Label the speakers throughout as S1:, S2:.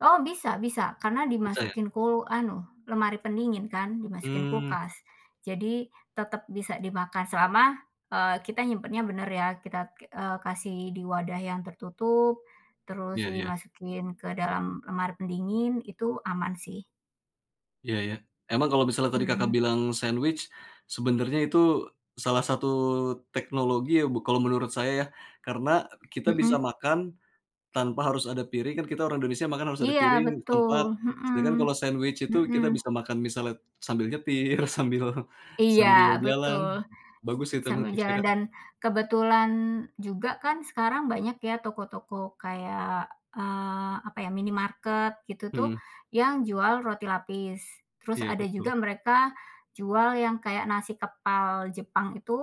S1: Oh, bisa bisa. Karena
S2: Bisa ya?
S1: dimasukin kul anu lemari pendingin, kan, dimasukin
S2: Mmm.
S1: kulkas. Jadi tetep bisa dimakan selama, eee, kita nyimpennya bener ya, kita k eee, kasih di wadah yang tertutup, terus
S2: Iya iya.
S1: dimasukin ke dalam lemari pendingin. Itu aman, sih.
S2: Iya iya, emang kalau misalnya tadi Kakak
S1: Mhm.
S2: bilang sandwich, sebenarnya itu salah satu teknologi ya, bu kalau menurut saya ya. Karena, kita bisa
S1: Mhm.
S2: makan tanpa harus ada piring kan kita orang Indonesia, makan harus ada
S1: Iya,
S2: piring,
S1: betul,
S2: tempat.
S1: mhm.
S2: Sedangkan kalau sandwich itu,
S1: Mhm.
S2: kita bisa makan misalnya sambil nyetir, sambil
S1: Iya,
S2: sambil jalan,
S1: betul.
S2: bagus sih itu memang,
S1: Sambil
S2: tipsnya,
S1: jalan
S2: Kak.
S1: dan kebetulan juga, kan sekarang banyak ya, toko-toko kayak, eee, apa ya minimarket, gitu tuh,
S2: Mhm.
S1: yang jual roti lapis. Terus
S2: Iya,
S1: ada juga
S2: betul.
S1: mereka jual yang kayak, nasi kepal Jepang itu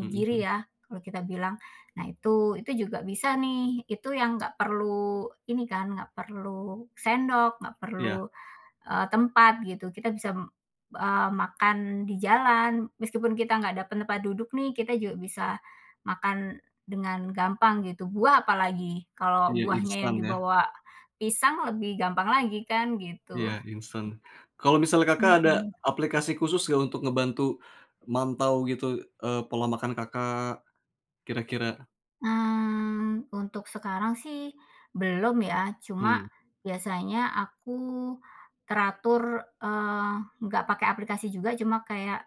S2: Mhm mhm.
S1: ya, kalau kita bilang. Nah, itu, itu juga bisa nih, itu yang nggak perlu ini kan, nggak perlu sendok, nggak perlu,
S2: Iya.
S1: eee, tempat gitu. Kita bisa m eee, makan di jalan. Meskipun kita nggak dapet tempat duduk nih. Kita juga bisa makan dengan gampang, gitu, buah apalagi. Kalau
S2: Iya,
S1: buahnya yang
S2: instan ya?
S1: dibawa pisang, lebih gampang lagi kan? Gitu.
S2: Iya, instan. Kalau misalnya, Kakak, ada
S1: Heeh.
S2: aplikasi khusus nggak, untuk ngebantu mantau gitu, eee, pola makan Kakak, kira-kira?
S1: Mmm. Untuk sekarang sih, belum ya, cuma
S2: Mmm.
S1: biasanya aku teratur, eee, nggak pakai aplikasi juga, cuma kayak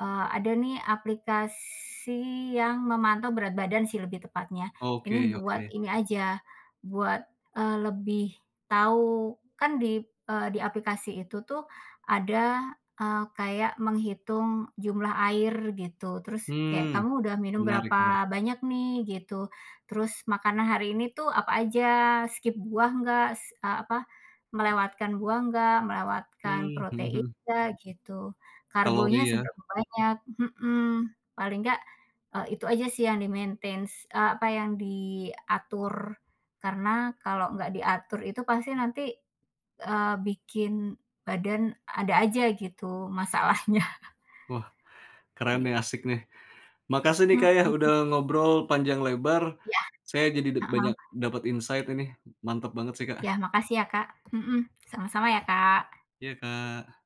S1: e ada nih, aplikasi yang memantau berat badan sih, lebih tepatnya. Ini
S2: Oke
S1: buat
S2: oke.
S1: ini aja, buat e lebih tahu. Kan di, e di aplikasi itu tuh, ada e kayak menghitung jumlah air, gitu. Terus, kayak
S2: Hmm,
S1: kamu udah minum
S2: menarik menarik.
S1: berapa banyak nih? Gitu. Terus makanan hari ini tuh apa aja? Skip buah nggak? S a apa, melewatkan buah nggak? Melewatkan
S2: Mmm, heeh
S1: protein
S2: heeh.
S1: nggak? Gitu. Karbonya
S2: Kalori, ya?
S1: seberapa banyak? Heeh. Paling nggak, e itu aja sih yang di-maintains e apa yang diatur. Karena kalau nggak diatur. Itu pasti nanti, e bikin badan ada aja, gitu. Masalahnya.
S2: Wah, keren
S1: Gitu.
S2: nih, asyik nih. Makasih nih, Kak, ya udah
S1: Mhm.
S2: ngobrol panjang lebar.
S1: Yah,
S2: Saya jadi dek
S1: heeh.
S2: banyak dapet insight, Ini. Mantap banget sih, Kak.
S1: Yah, makasih ya, Kak, mhm. Sama-sama ya, Kak.
S2: Iya, Kak!